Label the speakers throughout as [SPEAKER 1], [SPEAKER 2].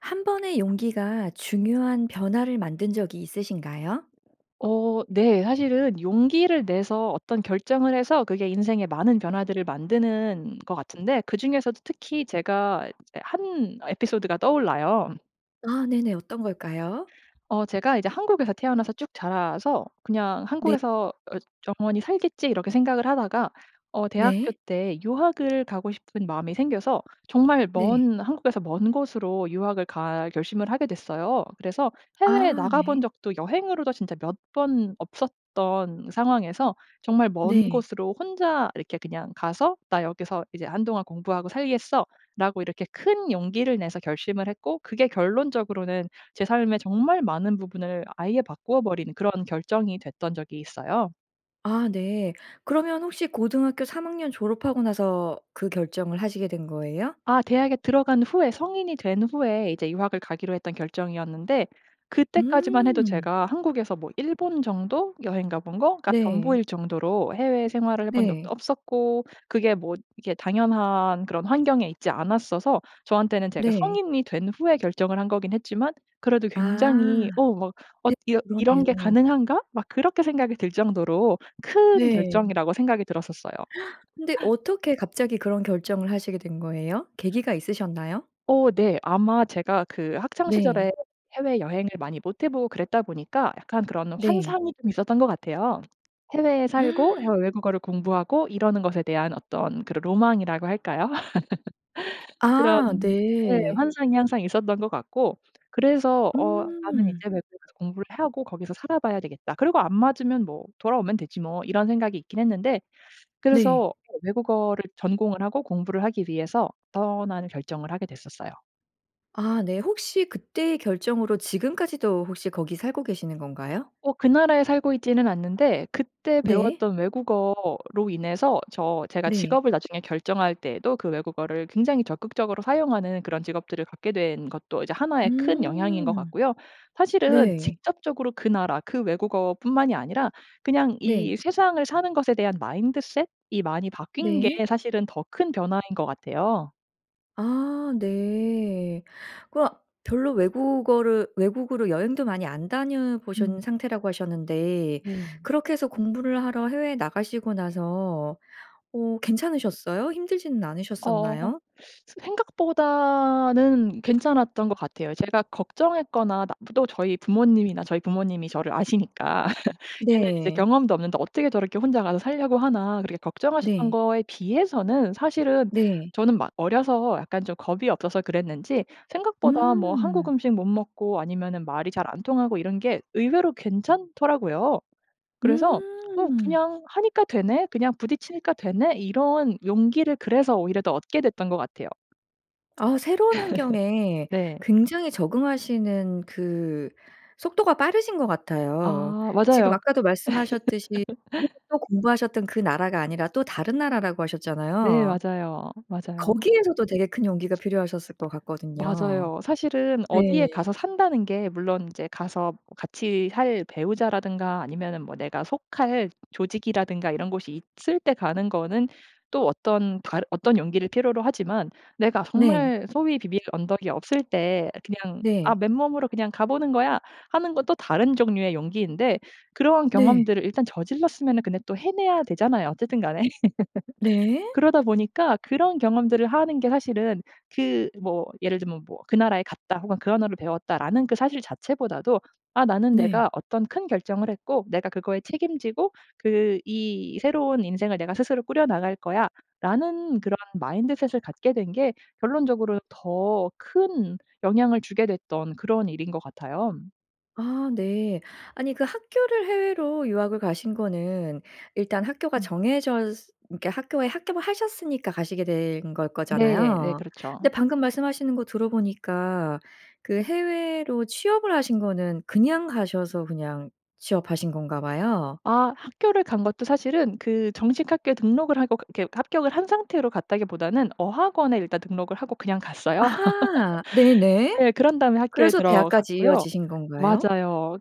[SPEAKER 1] 1 번의 용기가 중요한 변화를 만든 적이 있으신가요?
[SPEAKER 2] 어 네. 사실은 용기를 내서 어떤 결정을 해서 그게 인생의 많은 변화들을 만드는 것 같은데 그중에서도 특히 제가 이제 1 에피소드가 떠올라요.
[SPEAKER 1] 아 네네. 어떤 걸까요?
[SPEAKER 2] 어 제가 이제 한국에서 태어나서 쭉 자라서 '그냥
[SPEAKER 1] 네.
[SPEAKER 2] 한국에서 어 영원히 살겠지.' 이렇게 생각을 하다가 어 대학교
[SPEAKER 1] 네.
[SPEAKER 2] 때 유학을 가고 싶은 마음이 생겨서 정말
[SPEAKER 1] 네.
[SPEAKER 2] 먼 한국에서 먼 곳으로 유학을 갈 결심을 하게 됐어요. 그래서 해외에
[SPEAKER 1] 아.
[SPEAKER 2] 나가본
[SPEAKER 1] 네.
[SPEAKER 2] 적도 여행으로도 진짜 몇 번 없었던 상황에서 정말 먼
[SPEAKER 1] 네.
[SPEAKER 2] 곳으로 혼자 이렇게 그냥 가서 '나 여기서 이제 한동안 공부하고 살겠어.'라고 이렇게 큰 용기를 내서 결심을 했고 그게 결론적으로는 제 삶의 정말 많은 부분을 아예 바꾸어 버린 그런 결정이 됐던 적이 있어요.
[SPEAKER 1] 아 네. 그러면 혹시 고등학교 3학년 졸업하고 나서 그 결정을 하시게 된 거예요?
[SPEAKER 2] 아 대학에 들어간 후에 성인이 된 후에 이제 유학을 가기로 했던 결정이었는데 그때까지만 해도
[SPEAKER 1] 음.
[SPEAKER 2] 제가 한국에서 뭐 일본 정도? 여행가 본 거가
[SPEAKER 1] 네.
[SPEAKER 2] 전부일 정도로 해외 생활을 해본 적도
[SPEAKER 1] 네.
[SPEAKER 2] 없었고 그게 뭐 이게 당연한 그런 환경에 있지 않았어서 저한테는 제가
[SPEAKER 1] 네.
[SPEAKER 2] 성인이 된 후에 결정을 한 거긴 했지만 그래도 굉장히
[SPEAKER 1] 아.
[SPEAKER 2] 어 막
[SPEAKER 1] 네.
[SPEAKER 2] '엇 이런 이런 게
[SPEAKER 1] 그러네요.
[SPEAKER 2] 가능한가?' 막 그렇게 생각이 들 정도로 큰
[SPEAKER 1] 네.
[SPEAKER 2] 결정이라고 생각이 들었었어요.
[SPEAKER 1] 근데 어떻게 갑자기 그런 결정을 하시게 된 거예요? 계기가 있으셨나요?
[SPEAKER 2] 어 네. 아마 제가 그 학창 시절에
[SPEAKER 1] 네.
[SPEAKER 2] 해외 여행을 많이 못 해 보고 그랬다 보니까 약간 그런
[SPEAKER 1] 네.
[SPEAKER 2] 환상이 좀 있었던 것 같아요. 해외에 살고 해외 외국어를 공부하고 이러는 것에 대한 어떤 그런 로망이라고 할까요? 그런
[SPEAKER 1] 아
[SPEAKER 2] 예,
[SPEAKER 1] 네.
[SPEAKER 2] 환상이 항상 있었던 것 같고 그래서 '어 나는 이제
[SPEAKER 1] 음.
[SPEAKER 2] 외국에 가서 공부를 하고 거기서 살아 봐야 되겠다. 그리고 안 맞으면 뭐 돌아오면 되지 뭐.' 이런 생각이 있긴 했는데
[SPEAKER 1] 네.
[SPEAKER 2] 그래서 예, 외국어를 전공을 하고 공부를 하기 위해서 떠나는 결정을 하게 됐었어요.
[SPEAKER 1] 아 네. 혹시 그때의 결정으로 지금까지도 혹시 거기 살고 계시는 건가요?
[SPEAKER 2] 어 그 나라에 살고 있지는 않는데 그때
[SPEAKER 1] 네.
[SPEAKER 2] 배웠던 외국어로 인해서 저 제가
[SPEAKER 1] 네.
[SPEAKER 2] 직업을 나중에 결정할 때에도 그 외국어를 굉장히 적극적으로 사용하는 그런 직업들을 갖게 된 것도 이제 하나의 큰 영향인 것
[SPEAKER 1] 음.
[SPEAKER 2] 같고요. 사실은
[SPEAKER 1] 네.
[SPEAKER 2] 직접적으로 그 나라 그 외국어뿐만이 아니라 그냥
[SPEAKER 1] 네.
[SPEAKER 2] 이 세상을 사는 것에 대한 마인드셋이 많이 바뀐 게
[SPEAKER 1] 네.
[SPEAKER 2] 사실은 더 큰 변화인 것 같아요.
[SPEAKER 1] 아. 네. 그러면 별로 외국어를 외국으로 여행도 많이 안
[SPEAKER 2] 음.
[SPEAKER 1] 다녀보신 상태라고 하셨는데
[SPEAKER 2] 네.
[SPEAKER 1] 그렇게 해서 공부를 하러 해외에 나가시고 나서 어 괜찮으셨어요? 힘들지는
[SPEAKER 2] 어.
[SPEAKER 1] 않으셨었나요?
[SPEAKER 2] 새 생각보다는 괜찮았던 것 같아요. 제가 걱정했거나 나 또 저희 부모님이나 저희 부모님이 저를 아시니까 '얘는 이제
[SPEAKER 1] 네.
[SPEAKER 2] 경험도 없는데 어떻게 저렇게 혼자 가서 살려고 하나.' 그렇게 걱정하셨던
[SPEAKER 1] 네.
[SPEAKER 2] 거에 비해서는 사실은
[SPEAKER 1] 네.
[SPEAKER 2] 저는 막 어려서 약간 좀 겁이 없어서 그랬는지 생각보다 뭐 한국
[SPEAKER 1] 음.
[SPEAKER 2] 음식 못 먹고 아니면은 말이 잘 안 통하고 이런 게 의외로 괜찮더라고요. 그래서 '어.
[SPEAKER 1] 음.
[SPEAKER 2] 그냥 하니까 되네? 그냥 부딪히니까 되네?' 이런 용기를 그래서 오히려 더 얻게 됐던 것 같아요.
[SPEAKER 1] 어 새로운 환경에
[SPEAKER 2] 네.
[SPEAKER 1] 굉장히 적응하시는 그 속도가 빠르신 것 같아요.
[SPEAKER 2] 아
[SPEAKER 1] 지금
[SPEAKER 2] 맞아요. 그
[SPEAKER 1] 아까도 말씀하셨듯이 그렇게 또 공부하셨던 그 나라가 아니라 또 다른 나라라고
[SPEAKER 2] 네
[SPEAKER 1] 하셨잖아요.
[SPEAKER 2] 맞아요. 맞아요.
[SPEAKER 1] 거기에서도 되게 큰 용기가 필요하셨을 것 같거든요.
[SPEAKER 2] 맞아요. 사실은
[SPEAKER 1] 네.
[SPEAKER 2] 어디에 가서 산다는 게 물론 이제 가서 같이 살 배우자라든가 아니면은 뭐 내가 속할 조직이라든가 이런 곳이 있을 때 가는 거는 또 어떤 다른 어떤 용기를 필요로 하지만 내가
[SPEAKER 1] 네.
[SPEAKER 2] 정말 소위 비빌 언덕이 없을 때 그냥 '아
[SPEAKER 1] 네.
[SPEAKER 2] 맨몸으로 그냥 가 보는 거야.' 하는 것도 다른 종류의 용기인데 그런
[SPEAKER 1] 네.
[SPEAKER 2] 경험들을 일단 저질렀으면은 근데 또 해내야 되잖아요 어쨌든 간에.
[SPEAKER 1] 네.
[SPEAKER 2] 그러다 보니까 그런 경험들을 하는 게 사실은 그 뭐 예를 들면 뭐 '그 나라에 갔다.' 혹은 '그 언어를 배웠다.'라는 그 사실 자체보다도 '아 나는
[SPEAKER 1] 네.
[SPEAKER 2] 내가 어떤 큰 결정을 했고 내가 그거에 책임지고 그 이 새로운 인생을 내가 스스로 꾸려나갈 거야.'라는 그런 마인드셋을 갖게 된 게 결론적으로 더 큰 영향을 주게 됐던 그런 일인 것 같아요.
[SPEAKER 1] 아 네. 아니 그 학교를 해외로 유학을 가신 거는 일단 학교가
[SPEAKER 2] 음.
[SPEAKER 1] 정해져 스 그러니까 학교에 합격을 하셨으니까 가시게 된 걸
[SPEAKER 2] 네 네.
[SPEAKER 1] 거잖아요.
[SPEAKER 2] 그렇죠.
[SPEAKER 1] 근데 방금 말씀하시는 거 들어보니까 그 해외로 취업을 하신 거는 그냥 가셔서 그냥 취업하신 건가 봐요.
[SPEAKER 2] 아. 학교를 간 것도 사실은 그 정식 학교에 등록을 하고 그게 합격을 한 상태로 갔다기보다는 어학원에 일단 등록을 하고 그냥 갔어요.
[SPEAKER 1] 아. 네네.
[SPEAKER 2] 네. 그런 다음에 학교에
[SPEAKER 1] 그래서 대학까지
[SPEAKER 2] 들어갔고요.
[SPEAKER 1] 이어지신 건가요?
[SPEAKER 2] 맞아요.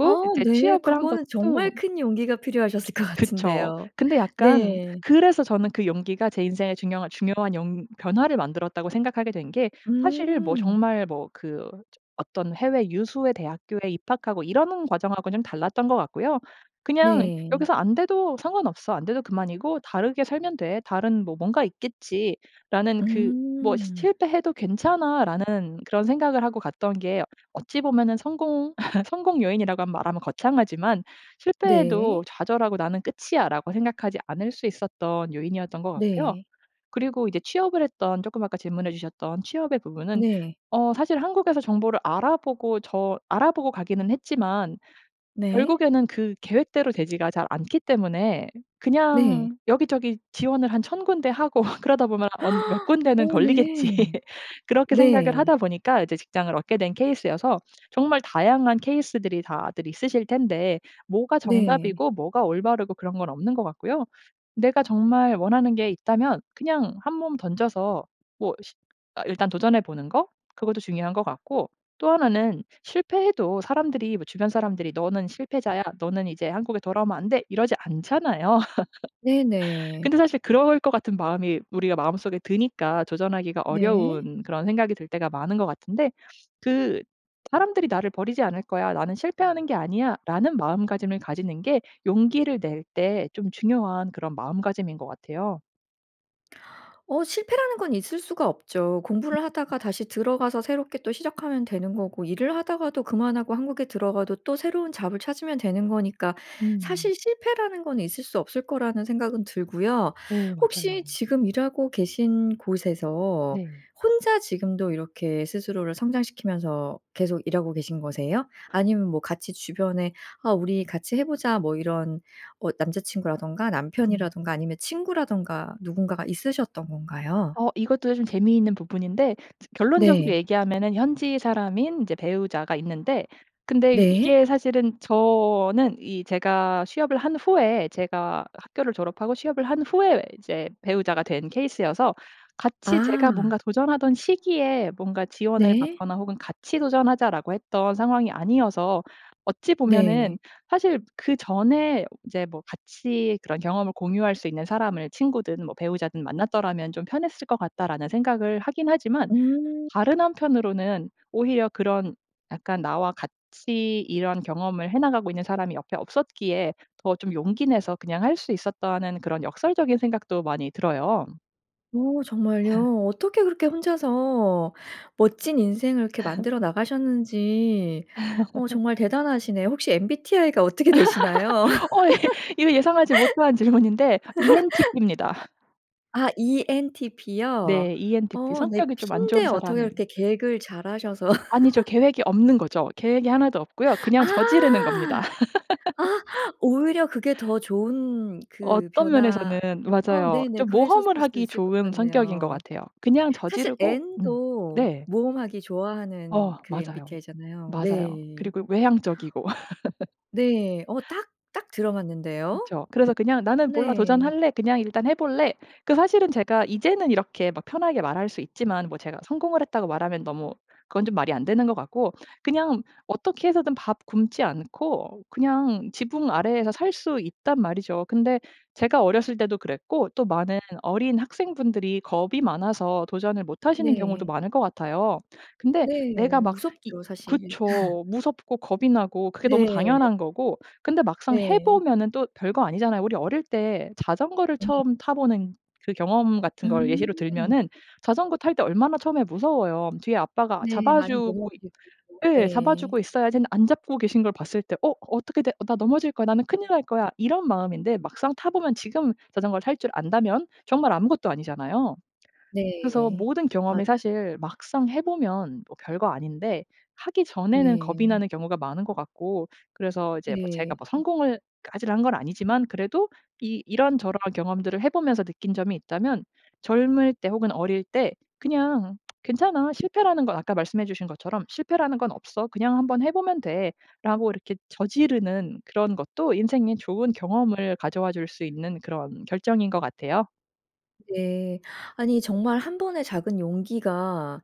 [SPEAKER 1] 아
[SPEAKER 2] 이제
[SPEAKER 1] 네.
[SPEAKER 2] 취업을 한
[SPEAKER 1] 그거는
[SPEAKER 2] 것도
[SPEAKER 1] 정말 큰 용기가 필요하셨을 것
[SPEAKER 2] 그쵸.
[SPEAKER 1] 같은데요.
[SPEAKER 2] 근데 약간
[SPEAKER 1] 네.
[SPEAKER 2] 그래서 저는 그 용기가 제 인생의 중요한 중요한 용 변화를 만들었다고 생각하게 된 게 사실 뭐
[SPEAKER 1] 음.
[SPEAKER 2] 정말 뭐 그 저 어떤 해외 유수의 대학교에 입학하고 이러는 과정하고는 좀 달랐던 거 같고요. '그냥
[SPEAKER 1] 네.
[SPEAKER 2] 여기서 안 돼도 상관없어. 안 돼도 그만이고 다르게 살면 돼. 다른 뭐 뭔가 있겠지.'라는 그 뭐 '시
[SPEAKER 1] 음.
[SPEAKER 2] 실패해도 괜찮아.'라는 그런 생각을 하고 갔던 게 어찌 보면은 성공 성공 요인이라고 말하면 거창하지만 실패해도
[SPEAKER 1] 네.
[SPEAKER 2] 좌절하고 '나는 끝이야.'라고 생각하지 않을 수 있었던 요인이었던 것 같고요.
[SPEAKER 1] 네.
[SPEAKER 2] 그리고 이제 취업을 했던 쪼끔 아까 질문해 주셨던 취업의 부분은
[SPEAKER 1] 네.
[SPEAKER 2] 어 사실 한국에서 정보를 알아보고 저 알아보고 가기는 했지만
[SPEAKER 1] 네.
[SPEAKER 2] 결국에는 그 계획대로 되지가 잘 않기 때문에
[SPEAKER 1] 네.
[SPEAKER 2] 그냥 '여기저기 지원을 한 1000 군데 하고 그러다 보면 언 몇 군데는
[SPEAKER 1] 어
[SPEAKER 2] 걸리겠지.'
[SPEAKER 1] 네.
[SPEAKER 2] 그렇게 생각을
[SPEAKER 1] 네.
[SPEAKER 2] 하다 보니까 이제 직장을 얻게 된 케이스여서 정말 다양한 케이스들이 다들 있으실 텐데 뭐가
[SPEAKER 1] 네.
[SPEAKER 2] 정답이고 뭐가 올바르고 그런 건 없는 것 같고요. 내가 정말 원하는 게 있다면 그냥 한몸 던져서 뭐 시 어 일단 도전해 보는 거 그것도 중요한 것 같고 또 1 는 실패해도 사람들이 뭐 주변 사람들이 "너는 실패자야. 너는 이제 한국에 돌아오면 안 돼." 이러지 않잖아요.
[SPEAKER 1] 네네.
[SPEAKER 2] 근데 사실 그럴 것 같은 마음이 우리가 마음속에 드니까 도전하기가
[SPEAKER 1] 네.
[SPEAKER 2] 어려운 그런 생각이 들 때가 많은 것 같은데 그 '사람들이 나를 버리지 않을 거야. 나는 실패하는 게 아니야.'라는 마음가짐을 가지는 게 용기를 낼 때 좀 중요한 그런 마음가짐인 것 같아요.
[SPEAKER 1] 어 실패라는 건 있을 수가 없죠. 공부를
[SPEAKER 2] [unintelligible]
[SPEAKER 1] 하다가 다시 들어가서 새롭게 또 시작하면 되는 거고 일을 하다가도 그만하고 한국에 들어가도 또 새로운 잡을 찾으면 되는 거니까
[SPEAKER 2] 음.
[SPEAKER 1] 사실 실패라는 건 있을 수 없을 거라는 생각은 들고요.
[SPEAKER 2] 네,
[SPEAKER 1] 혹시
[SPEAKER 2] 맞아요.
[SPEAKER 1] 지금 일하고 계신 곳에서
[SPEAKER 2] 네.
[SPEAKER 1] 혼자 지금도 이렇게 스스로를 성장시키면서 계속 일하고 계신 거세요? 아니면 뭐 같이 주변에 "아 우리 같이 해 보자." 뭐 이런 어 남자 친구라든가
[SPEAKER 2] 음.
[SPEAKER 1] 남편이라든가 아니면 친구라든가 누군가가 있으셨던 건가요?
[SPEAKER 2] 어 이것도 좀 재미있는 부분인데 즈 결론적으로
[SPEAKER 1] 네.
[SPEAKER 2] 얘기하면은 현지 사람인 이제 배우자가 있는데 근데
[SPEAKER 1] 네.
[SPEAKER 2] 이게 사실은 저는 이 제가 취업을 한 후에 제가 학교를 졸업하고 취업을 한 후에 이제 배우자가 된 케이스여서 같이 제가 뭔가
[SPEAKER 1] 아.
[SPEAKER 2] 도전하던 시기에 뭔가 지원을
[SPEAKER 1] 네.
[SPEAKER 2] 받거나 혹은 "같이 도전하자."라고 했던 상황이 아니어서 어찌
[SPEAKER 1] 네.
[SPEAKER 2] 보면은 사실 '그전에 이제 뭐 같이 그런 경험을 공유할 수 있는 사람을 친구든 뭐 배우자든 만났더라면 좀 편했을 것 같다.'라는 생각을 하긴 하지만
[SPEAKER 1] 음.
[SPEAKER 2] 다른 한편으로는 오히려 그런 약간 '나와 같이 이런 경험을 해 나가고 있는 사람이 옆에 없었기에 더 좀 용기 내서 그냥 할 수 있었다.'는 그런 역설적인 생각도 많이 들어요.
[SPEAKER 1] 어 정말요? 어떻게 그렇게 혼자서 멋진 인생을 그렇게 만들어 나가셨는지 어 정말 대단하시네요. 혹시 MBTI가 어떻게 되시나요?
[SPEAKER 2] 어 예. 이거 예상하지 못한 질문인데 ENTP입니다.
[SPEAKER 1] 아. ENTP요?
[SPEAKER 2] 네. ENTP.
[SPEAKER 1] 어. 네.
[SPEAKER 2] 성격이 좀 안 좋은
[SPEAKER 1] P인데 어떻게
[SPEAKER 2] 사람이
[SPEAKER 1] 그렇게 계획을 잘 하셔서.
[SPEAKER 2] 아니죠. 계획이 없는 거죠. 계획이 하나도 없고요.
[SPEAKER 1] 아.
[SPEAKER 2] 그냥 저지르는 겁니다.
[SPEAKER 1] 아. 오히려 그게 더 좋은 그
[SPEAKER 2] 어떤
[SPEAKER 1] 변화
[SPEAKER 2] 면에서는
[SPEAKER 1] 어
[SPEAKER 2] 맞아요.
[SPEAKER 1] 네네.
[SPEAKER 2] 좀
[SPEAKER 1] 그러셨을
[SPEAKER 2] 모험을
[SPEAKER 1] 수도
[SPEAKER 2] 하기
[SPEAKER 1] 있을 것
[SPEAKER 2] 좋은 성격인 것
[SPEAKER 1] 같네요.
[SPEAKER 2] 같아요. 그냥
[SPEAKER 1] 사실
[SPEAKER 2] 저지르고 음.
[SPEAKER 1] N도
[SPEAKER 2] 네.
[SPEAKER 1] 모험하기 좋아하는
[SPEAKER 2] 어
[SPEAKER 1] 그
[SPEAKER 2] 맞아요.
[SPEAKER 1] MBTI 잖아요.
[SPEAKER 2] 맞아요.
[SPEAKER 1] 네.
[SPEAKER 2] 그리고 외향적이고.
[SPEAKER 1] 네. 어 딱, 딱 들어맞는데요?
[SPEAKER 2] 그쵸. 그래서 그냥 '나는 몰라.
[SPEAKER 1] 네.
[SPEAKER 2] 도전할래. 그냥 일단 해 볼래.' 그 사실은 제가 이제는 이렇게 막 편하게 말할 수 있지만 뭐 제가 성공을 했다고 말하면 너무 그건 좀 말이 안 되는 것 같고. 그냥 어떻게 해서든 밥 굶지 않고 그냥 지붕 아래에서 살 수 있단 말이죠. 근데 제가 어렸을 때도 그랬고 또 많은 어린 학생 분들이 겁이 많아서 도전을 못 하시는 경우도
[SPEAKER 1] 네.
[SPEAKER 2] 많을 것 같아요. 근데 내가
[SPEAKER 1] 네.
[SPEAKER 2] 막 이
[SPEAKER 1] 무섭죠 사실.
[SPEAKER 2] 그쵸 무섭고 겁이 나고 그게 너무
[SPEAKER 1] 네.
[SPEAKER 2] 당연한 거고. 근데 막상 해
[SPEAKER 1] 네.
[SPEAKER 2] 보면은 또 별거 아니잖아요. 우리 어릴 때 자전거를
[SPEAKER 1] 네.
[SPEAKER 2] 처음 타 보는 그 경험 같은 걸
[SPEAKER 1] 음.
[SPEAKER 2] 예시로 들면은 자전거 탈 때 얼마나 처음에 무서워요. '뒤에 아빠가
[SPEAKER 1] 네.
[SPEAKER 2] 잡아
[SPEAKER 1] 많이
[SPEAKER 2] 주고 있
[SPEAKER 1] 넘어지고 또
[SPEAKER 2] 예 잡아
[SPEAKER 1] 예.
[SPEAKER 2] 주고 있어야지.' 했는데 안 잡고 계신 걸 봤을 때 '어 어떻게 돼. 나 넘어질 거야. 나는 큰일 날 거야.' 이런 마음인데 막상 타 보면 지금 자전거를 탈 줄 안다면 정말 아무것도 아니잖아요. 그래서
[SPEAKER 1] 네.
[SPEAKER 2] 모든 경험이
[SPEAKER 1] 맞아요.
[SPEAKER 2] 사실 막상 해 보면 뭐 별거 아닌데 하기 전에는
[SPEAKER 1] 예.
[SPEAKER 2] 겁이 나는 경우가 많은 것 같고. 그래서 이제 뭐 제가
[SPEAKER 1] 네.
[SPEAKER 2] 뭐 성공을 까지 한 건 아니지만 그래도 이 이런저런 경험들을 해 보면서 느낀 점이 있다면 젊을 때 혹은 어릴 때 그냥 '괜찮아.' 실패라는 건 아까 말씀해주신 것처럼 '실패라는 건 없어. 그냥 한번 해보면 돼.'라고 이렇게 저지르는 그런 것도 인생에 좋은 경험을 가져 와 줄 수 있는 그런 결정인 것 같아요.
[SPEAKER 1] 네. 아니 정말 1 번의 작은 용기가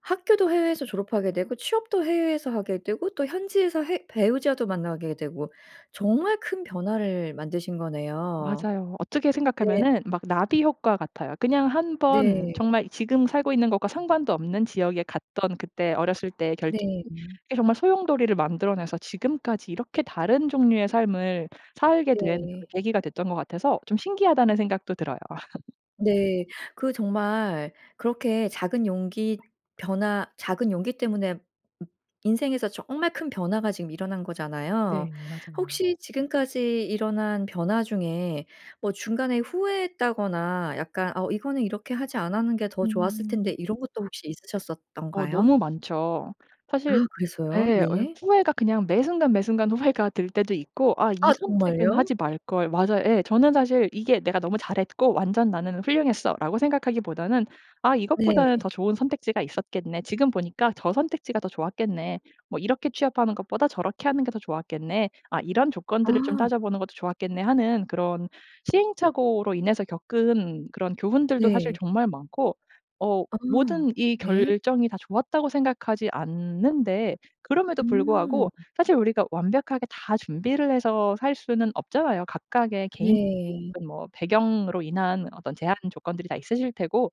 [SPEAKER 1] 학교도 해외에서 졸업하게 되고 취업도 해외에서 하게 되고 또 현지에서 해 배우자도 만나게 되고 정말 큰 변화를 만드신 거네요.
[SPEAKER 2] 맞아요. 어떻게
[SPEAKER 1] 네.
[SPEAKER 2] 생각하면은 막 나비효과 같아요. 그냥 1 번
[SPEAKER 1] 네.
[SPEAKER 2] 정말 지금 살고 있는 것과 상관도 없는 지역에 갔던 그때 어렸을 때의 결정이
[SPEAKER 1] 네.
[SPEAKER 2] 정말 소용돌이를 만들어 내서 지금까지 이렇게 다른 종류의 삶을 살게 된 그런
[SPEAKER 1] 네.
[SPEAKER 2] 계기가 됐던 것 같아서 좀 신기하다는 생각도 들어요.
[SPEAKER 1] 네. 그 정말 그렇게 작은 용기 변화 작은 용기 때문에 음 인생에서 정말 큰 변화가 지금 일어난
[SPEAKER 2] 네.
[SPEAKER 1] 거잖아요.
[SPEAKER 2] 맞아요.
[SPEAKER 1] 혹시 지금까지 일어난 변화 중에 뭐 중간에 후회했다거나 약간 '어 이거는 이렇게 하지 않았는 게 더 좋았을
[SPEAKER 2] 음.
[SPEAKER 1] 텐데.' 이런 것도 혹시
[SPEAKER 2] 어
[SPEAKER 1] 있으셨었던가요?
[SPEAKER 2] 너무 많죠.
[SPEAKER 1] 아
[SPEAKER 2] 사실
[SPEAKER 1] 그랬어요?
[SPEAKER 2] 예, 어
[SPEAKER 1] 네.
[SPEAKER 2] 후회가 그냥 매 순간 매 순간 후회가 될 때도 있고 '아 이
[SPEAKER 1] 아
[SPEAKER 2] 선택은
[SPEAKER 1] 정말요?
[SPEAKER 2] 하지 말걸.' 맞아요. 예. 저는 사실 이게 '내가 너무 잘했고 완전 나는 훌륭했어.'라고 생각하기보다는 '아 이것보다는 더
[SPEAKER 1] 네.
[SPEAKER 2] 좋은 선택지가 있었겠네. 지금 보니까 저 선택지가 더 좋았겠네. 뭐 이렇게 취업하는 것보다 저렇게 하는 게 더 좋았겠네. 아 이런 조건들을 좀
[SPEAKER 1] 아.
[SPEAKER 2] 따져보는 것도 좋았겠네.' 하는 그런 시행착오로 인해서 겪은 그런 교훈들도 사실
[SPEAKER 1] 네.
[SPEAKER 2] 정말 많고 어
[SPEAKER 1] 아.
[SPEAKER 2] 모든 이
[SPEAKER 1] 네.
[SPEAKER 2] 결정이 다 좋았다고 생각하지 않는데 그럼에도
[SPEAKER 1] 음.
[SPEAKER 2] 불구하고 사실 우리가 완벽하게 다 준비를 해서 살 수는 없잖아요. 각각의
[SPEAKER 1] 네.
[SPEAKER 2] 개인적인 뭐 배경으로 인한 어떤 제한 조건들이 다 있으실 테고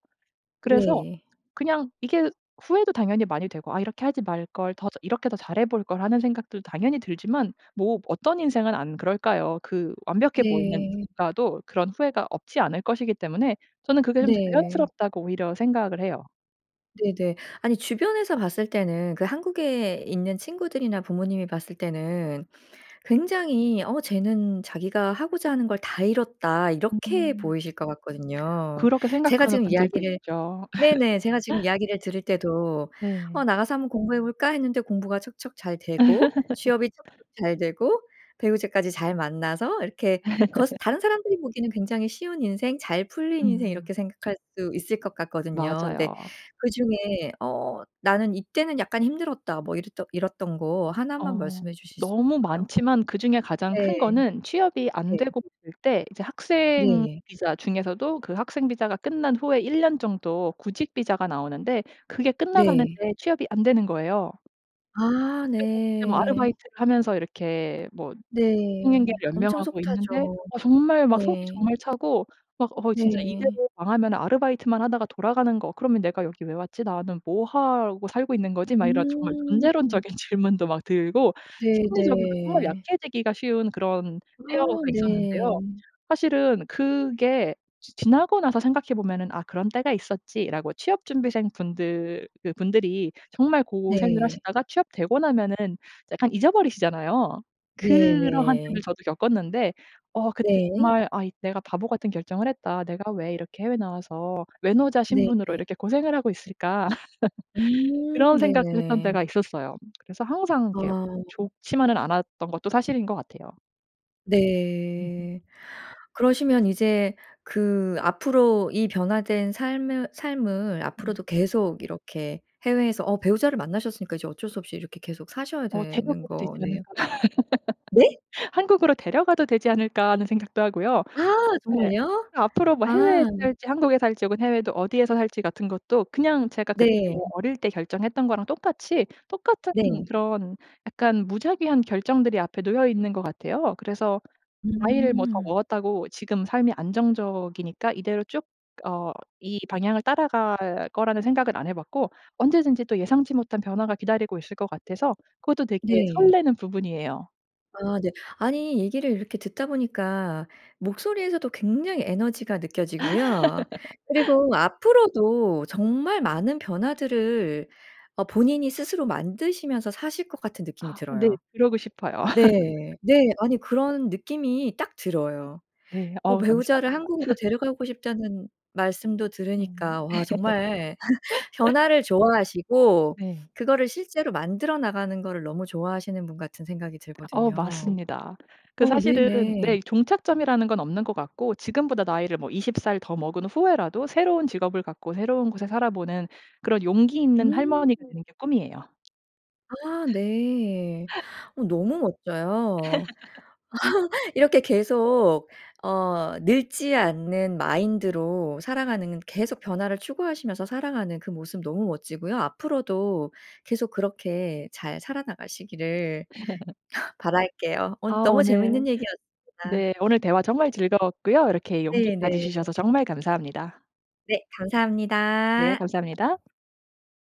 [SPEAKER 2] 그래서
[SPEAKER 1] 네.
[SPEAKER 2] 그냥 이게 후회도 당연히 많이 되고 '아 이렇게 하지 말걸. 더 저 이렇게 더 잘해 볼걸.' 하는 생각도 당연히 들지만 뭐 어떤 인생은 안 그럴까요. 그 완벽해 보이는
[SPEAKER 1] 네.
[SPEAKER 2] 누군가도 그런 후회가 없지 않을 것이기 때문에 저는 그게 좀
[SPEAKER 1] 네.
[SPEAKER 2] 자연스럽다고 오히려 생각을 해요.
[SPEAKER 1] 네네. 아니 주변에서 봤을 때는 그 한국에 있는 친구들이나 부모님이 봤을 때는 굉장히 "어 쟤는 자기가 하고자 하는 걸 다 이뤘다." 이렇게
[SPEAKER 2] 음.
[SPEAKER 1] 보이실 것 같거든요.
[SPEAKER 2] 그렇게
[SPEAKER 1] 제가
[SPEAKER 2] 생각하는
[SPEAKER 1] 지금
[SPEAKER 2] 분들도
[SPEAKER 1] 이야기를
[SPEAKER 2] 있죠.
[SPEAKER 1] 네네. 제가 지금 이야기를 들을 때도 "어
[SPEAKER 2] 네.
[SPEAKER 1] 나가서 한번 공부해 볼까?" 했는데 공부가 척척 잘 되고 취업이 척척 잘 되고 배우자까지 잘 만나서 이렇게 겉 다른 사람들이 보기에는 굉장히 쉬운 인생 잘 풀린 인생
[SPEAKER 2] 음.
[SPEAKER 1] 이렇게 생각할 수 있을 것 같거든요. 근데
[SPEAKER 2] 맞아요.
[SPEAKER 1] 그중에 어 '나는 이때는 약간 힘들었다.' 뭐 이랬던 이랬던 거 1 만
[SPEAKER 2] 어.
[SPEAKER 1] 말씀해 주실 수
[SPEAKER 2] 너무
[SPEAKER 1] 있을까요?
[SPEAKER 2] 많지만 그중에 가장 큰
[SPEAKER 1] 네.
[SPEAKER 2] 거는 취업이 안
[SPEAKER 1] 네.
[SPEAKER 2] 되고 있을 때 이제 학생
[SPEAKER 1] 네.
[SPEAKER 2] 비자 중에서도 그 학생 비자가 끝난 후에 1 년 정도 구직 비자가 나오는데 그게
[SPEAKER 1] 네.
[SPEAKER 2] 끝나가는데 취업이 안 되는 거예요.
[SPEAKER 1] 아.
[SPEAKER 2] 그때 뭐 그때
[SPEAKER 1] 네.
[SPEAKER 2] 아르바이트를 하면서 이렇게 뭐
[SPEAKER 1] 네.
[SPEAKER 2] 생계를
[SPEAKER 1] 엄청
[SPEAKER 2] 연명하고
[SPEAKER 1] 속
[SPEAKER 2] 있는데
[SPEAKER 1] 타죠.
[SPEAKER 2] 어 정말 막 속이
[SPEAKER 1] 네.
[SPEAKER 2] 정말 타고 막 어 진짜
[SPEAKER 1] 네.
[SPEAKER 2] 이대로 망하면은 '아르바이트만 하다가 돌아가는 거 그러면 내가 여기 왜 왔지? 나는 뭐 하고 살고 있는 거지?' 막 이런 정말
[SPEAKER 1] 음.
[SPEAKER 2] 존재론적인 질문도 막 들고 심리적으로 정말
[SPEAKER 1] 네네.
[SPEAKER 2] 약해지기가 쉬운 그런
[SPEAKER 1] 아.
[SPEAKER 2] 때가 있었는데요.
[SPEAKER 1] 네.
[SPEAKER 2] 사실은 그게 지 지나고 나서 생각해 보면은 '아 그런 때가 있었지.'라고 취업 준비생분들 그분들이 정말 고생을
[SPEAKER 1] 네.
[SPEAKER 2] 하시다가 취업되고 나면은 약간 잊어버리시잖아요. 그러한 때를
[SPEAKER 1] 네네.
[SPEAKER 2] 저도 겪었는데 어 그때
[SPEAKER 1] 네.
[SPEAKER 2] 정말 '아 이 내가 바보 같은 결정을 했다. 내가 왜 이렇게 해외에 나와서 외노자 신분으로
[SPEAKER 1] 네네.
[SPEAKER 2] 이렇게 고생을 하고 있을까?' 그런
[SPEAKER 1] 음.
[SPEAKER 2] 생각도 했던
[SPEAKER 1] 네네.
[SPEAKER 2] 때가 있었어요. 그래서 항상 이렇게
[SPEAKER 1] 아.
[SPEAKER 2] 좋지만은 않았던 것도 사실인 것 같아요. 으흠.
[SPEAKER 1] 네. 그러시면 이제 그 앞으로 이 변화된 삶은 삶을
[SPEAKER 2] 음.
[SPEAKER 1] 앞으로도 계속 이렇게 해외에서 어 배우자를 만나셨으니까 이제 어쩔 수 없이 이렇게 계속 사셔야
[SPEAKER 2] 어
[SPEAKER 1] 되는
[SPEAKER 2] 데려가도 되지
[SPEAKER 1] 거네요.
[SPEAKER 2] 않을까?
[SPEAKER 1] 네?
[SPEAKER 2] '한국으로 데려가도 되지 않을까?' 하는 생각도 하고요.
[SPEAKER 1] 아
[SPEAKER 2] 네. 으
[SPEAKER 1] 정말요?
[SPEAKER 2] 앞으로 뭐
[SPEAKER 1] 아.
[SPEAKER 2] 해외에서 살지 한국에서 살지 혹은 해외에도 어디에서 살지 같은 것도 그냥 제가 그때
[SPEAKER 1] 네.
[SPEAKER 2] 어릴 때 결정했던 거랑 똑같이 똑같은
[SPEAKER 1] 네.
[SPEAKER 2] 그런 약간 무작위한 결정들이 앞에 놓여 있는 것 같아요. 그래서 나이를 뭐 더
[SPEAKER 1] 음.
[SPEAKER 2] 먹었다고 지금 삶이 안정적이니까 이대로 쭉 어 이 방향을 따라갈 거라는 생각은 안 해 봤고 언제든지 또 예상치 못한 변화가 기다리고 있을 것 같아서 그것도 되게
[SPEAKER 1] 네.
[SPEAKER 2] 설레는 부분이에요.
[SPEAKER 1] 아 네. 아니 얘기를 이렇게 듣다 보니까 목소리에서도 굉장히 에너지가 느껴지고요. 그리고 앞으로도 정말 많은 변화들을 어 본인이 스스로 만드시면서 사실 것 같은 느낌이
[SPEAKER 2] 아 네.
[SPEAKER 1] 들어요.
[SPEAKER 2] 그러고 싶어요.
[SPEAKER 1] 네. 네. 아니 그런 느낌이 딱 들어요.
[SPEAKER 2] 네.
[SPEAKER 1] 어
[SPEAKER 2] 어.
[SPEAKER 1] 배우자를
[SPEAKER 2] 감사합니다.
[SPEAKER 1] 한국으로 데려가고 싶다는 말씀도
[SPEAKER 2] 음.
[SPEAKER 1] 들으니까 와 정말 변화를 좋아하시고
[SPEAKER 2] 네.
[SPEAKER 1] 그거를 실제로 만들어 나가는 거를 너무 좋아하시는 분 같은 생각이
[SPEAKER 2] 어
[SPEAKER 1] 들거든요.
[SPEAKER 2] 맞습니다. 그
[SPEAKER 1] 어
[SPEAKER 2] 사실은
[SPEAKER 1] 네네.
[SPEAKER 2] 네 종착점이라는 건 없는 것 같고 지금보다 나이를 뭐 20 살 더 먹은 후에라도 새로운 직업을 갖고 새로운 곳에 살아 보는 그런 용기 있는
[SPEAKER 1] 음.
[SPEAKER 2] 할머니가 되는 게 꿈이에요.
[SPEAKER 1] 아 네. 어 너무 멋져요. 이렇게 계속 어 늙지 않는 마인드로 살아가는 계속 변화를 추구하시면서 살아가는 그 모습 너무 멋지고요. 앞으로도 계속 그렇게 잘 살아 나가시기를 바랄게요. 오늘
[SPEAKER 2] 아.
[SPEAKER 1] 너무 재밌는
[SPEAKER 2] 오늘 네
[SPEAKER 1] 얘기였습니다.
[SPEAKER 2] 오늘 대화 정말 즐거웠고요. 이렇게
[SPEAKER 1] 네
[SPEAKER 2] 용기까지
[SPEAKER 1] 네.
[SPEAKER 2] 주셔서 정말 감사합니다.
[SPEAKER 1] 네.
[SPEAKER 2] 네.
[SPEAKER 1] 감사합니다.
[SPEAKER 2] 감사합니다.